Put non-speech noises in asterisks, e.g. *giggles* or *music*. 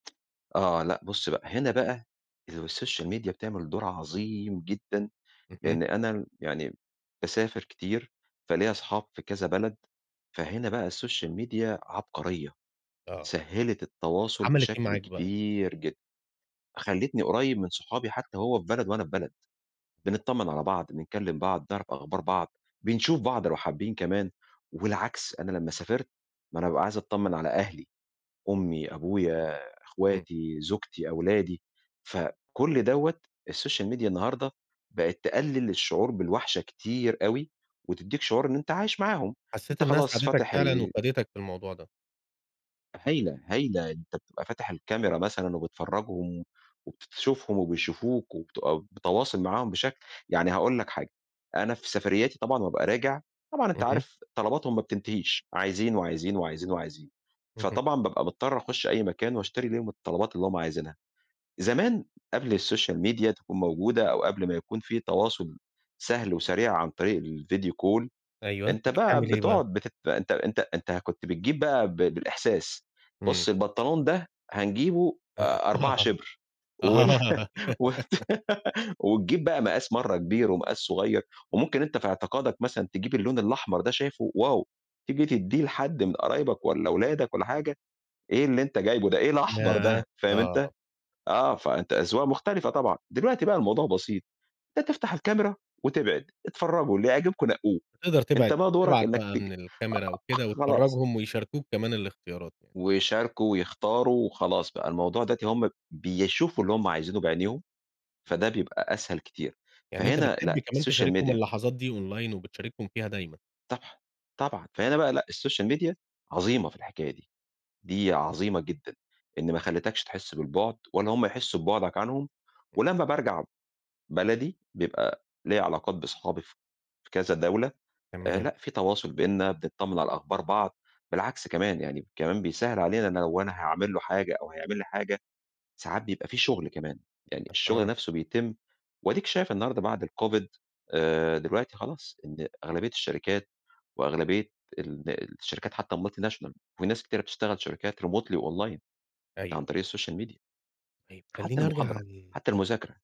آه، لأ، بُص، بقى هنا بقى السوشيال ميديا بتعمل دور عظيم جدًا، اهم. لإن أنا يعني باسافر كتير، فليّا أصحاب فى كذا بلد. فهنا بقى السوشيال ميديا عبقرية. آه. سهلت التواصل عملت إيه بشكل معاك بقى؟ كبير جدًا. خلتني قريب من صحابي حتى وهو في بلد وأنا في بلد. بنتطمن على بعض، بنكلم بعض، نعرف أخبار بعض، بنشوف بعض لو حابين كمان، والعكس. أنا لمّا سافرت، ما أنا بابقى عايز أتطمن على أهلي، أمي، أبويا، امم. أخواتي، زوجتي، أولادي، فكل دوّة السوشيال ميديا النهارده بقت تقلل الشعور بالوحشة كتير أوي، وتديك شعور إن أنت عايش معاهم. حسيت أنت إنها خلاص ساعدتك فاتح فعلًا ال وفادتك في الموضوع ده. هايلة، هايلة. أنت بتبقى فاتح الكاميرا مثلًا وبتفرجهم وبت تشوفهم وبيشوفوك، وبتبقى متواصل معاهم بشكل يعني هاقول لك، حاجة أنا في سفرياتي طبعًا بابقى راجع، طبعًا أنت اهم. عارف طلباتهم ما بتنتهيش، عايزين وعايزين وعايزين وعايزين. اهم. فطبعًا بابقى مضطر أخش أي مكان وأشتري ليهم الطلبات اللي هُم عايزينها. زمان، قبل السوشيال ميديا تكون موجودة، أو قبل ما يكون في تواصل سهل وسريع عن طريق الفيديو كول، أيوه، أنت أنت بقى بتعمل إيه بقى؟ بتقعد بت أنت أنت أنت كنت بتجيب بقى ب بالإحساس. إمم. بُص، البنطلون ده هنجيبه آآ، آآ 4 *laughs* آه. شبر وال آه. *giggles* *giggles* وتجيب بقى مقاس مرّة كبير ومقاس صغير، وممكن أنت في اعتقادك مثلًا تجيب اللون الأحمر ده شايفه واو، تيجي تديه لحد من قرايبك والَّا ولادك والَّا حاجة، إيه اللي أنت جايبه ده؟ إيه الأحمر ياه! ده، فاهم آه. أنت؟ آه، فأنت أذواق مختلفة طبعًا. دلوقتي بقى الموضوع بسيط، بتفتح الكاميرا وتبعد اتفرجوا اللي يعجبكم نقوه. بتقدر أنت تبعد بقى دورك تبعت إنك بقى تج من أ الكاميرا وكده خلاص. وتفرجهم ويشاركوك كمان الاختيارات يعني. ويشاركوا ويختاروا وخلاص بقى الموضوع دلوقتي هُم بيشوفوا اللي هُم عايزينه بعينيهم، إمم. فده بيبقى أسهل كتير. يعني أنت فهنا بتحب لأ، كمان السوشيال تشاركهم ميديا اللحظات دي online وبتشاركهم فيها دايمًا. صح، طبعًا. فهنا بقى لأ، السوشيال ميديا عظيمة في الحكاية دي. دي عظيمة جدًا، إن ما خليتكش تحس بالبعد ولا هُم يحسوا ببعدك عنهم، إمم. ولمّا بارجع بلدي، بيبقى ليّا علاقات بأصحابي ف في كذا دولة. آآ تمام. لأ، في تواصل بيننا، بنتطمن على أخبار بعض، بالعكس كمان يعني كمان بيسهل علينا إن لو أنا هاعمل له حاجة أو هيعمل لي حاجة، ساعات بيبقى في شغل كمان. يعني الشغل أها. نفسه بيتم وأديك شايف النهارده بعد الكوفيد آآ، دلوقتي خلاص إن أغلبية الشركات وأغلبية ال الشركات حتى الmultinational في ناس كتيرة بتشتغل شركات remotely وonline. أيوه، عن أيوه. طريق السوشيال ميديا. طيب، حتى خليني أرجع المحاضرة، ل حتى آه. المذاكرة.